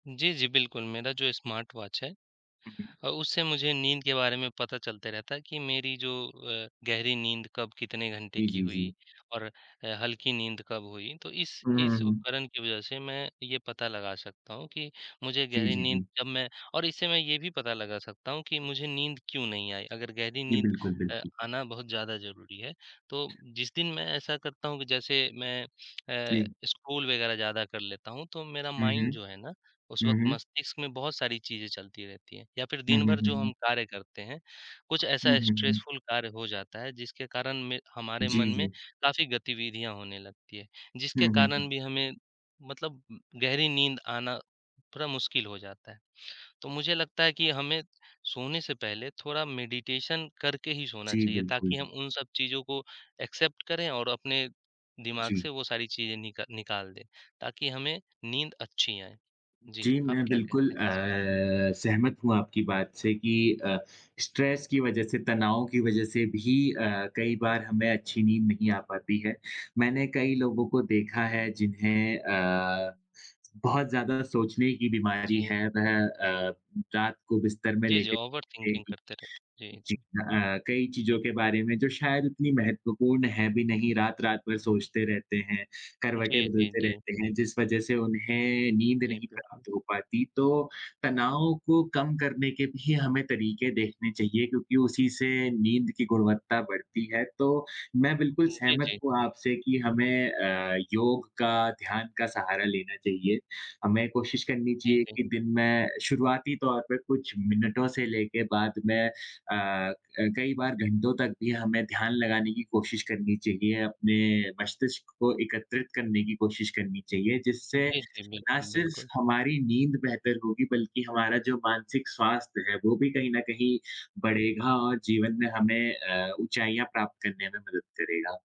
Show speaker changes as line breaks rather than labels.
जी, जी, बिल्कुल मेरा जो स्मार्ट वॉच है
हुँ, हुँ।
अ, उससे मुझे नींद के बारे में पता चलता रहता है कि मेरी जो अ, गहरी नींद कब कितने घंटे
जी,
की
जी,
हुई
जी।
और ह हल्की नींद कब हुई, तो इस
हुँ, हुँ,
इस
हुँ।
उपकरण की वजह से मैं ये पता लगा सकता हूँ कि मुझे
जी,
गहरी
जी,
नींद
जी।
जब मैं और इससे मैं ये भी पता लगा सकता हूँ कि मुझे नींद क्यों नहीं आई? अगर गहरी
जी,
नींद
बिल्कुल,
अ,
बिल्कुल।
आना बहुत ज़्यादा ज़रूरी है। तो जिस दिन मैं ऐसा करता हूँ कि जैसे मैं अ,
जी।
स्क्रॉल वगैरह ज़्यादा कर लेता हूँ, तो मेरा
हुँ,
माइंड
हुँ।
जो है ना उस वक़्त
हुँ, हुँ।
मस्तिष्क में बहुत सारी चीज़ें चलती रहती हैं। या फिर
हुँ,
दिन
हुँ,
भर
हुँ,
जो हम
हुँ।
कार्य करते हैं, कुछ
हुँ,
ऐसा
हुँ, हुँ।
स्ट्रेसफुल कार्य हो जाता है जिसके कारण में हमारे मन
जी,
में
जी।
काफ़ी गतिविधियाँ होने लगती हैं, जिसके
हुँ, हुँ,
कारण
हुँ।
भी हमें मतलब उम, गहरी नींद आना थोड़ा मुश्किल हो जाता है। तो मुझे लगता है कि हमें सोने से पहले थोड़ा मेडिटेशन करके ही सोना
जी,
चाहिए
बिल्कुल।
ताकि हम उन सब चीज़ों को एक्सेप्ट करें और अपने दिमाग
जी।
से वो सारी चीज़ें निका निकाल दें ताकि हमें नींद अच्छी आए। जी,
जी,
आप
मैं
क्या
बिल्कुल
कहते इसपे?
अ, सहमत हूँ आपकी बात से कि अ, स्ट्रेस की वजह से, तनाव की वजह से भी अ, कई बार हमें अच्छी नींद नहीं आ पाती है। मैंने कई लोगों को देखा है जिन्हें अ, बहुत ज़्यादा सोचने की बीमारी
जी।
है, वह अ, रात को बिस्तर में
जी, जी,
लेटे-लेटे
ओवरथिंकिंग
ही
करते रहते हैं। जी,
जी
जी।
अ अ, कई चीज़ों के बारे में जो शायद इतनी महत्वपूर्ण है भी नहीं, रात-रात भर सोचते रहते हैं, करवटें
जी, जी,
बदलते
जी।
रहते हैं जिस वजह से उन्हें नींद
जी,
नहीं
बिल्कुल।
प्राप्त हो पाती। तो तनाव को कम करने के भी हमें तरीके देखने चाहिए क्योंकि उसी से नींद की गुणवत्ता बढ़ती है, तो मैं बिल्कुल
हुँ, जी,
सहमत
जी।
हूँ आपसे कि हमें अ, योग का, ध्यान का सहारा लेना चाहिए। हमें कोशिश करनी
जी,
चाहिए
जी।
कि दिन में शुरुआती तौर पर कुछ मिनटों से लेके बाद में अ अ, कई बार घंटों तक भी हमें ध्यान लगाने की कोशिश करनी चाहिए, अपने मस्तिष्क को एकत्रित करने की कोशिश करनी चाहिए, जिससे
जी, जी,
ना
बिल्कुल,
सिर्फ
बिल्कुल।
हमारी नींद बेहतर होगी बल्कि हमारा जो मानसिक स्वास्थ्य है, वो भी कहीं न कहीं
[unintelligible]
बढ़ेगा और जीवन में हमें अ, ऊँचाइयाँ प्राप्त करने में मदद करेगा।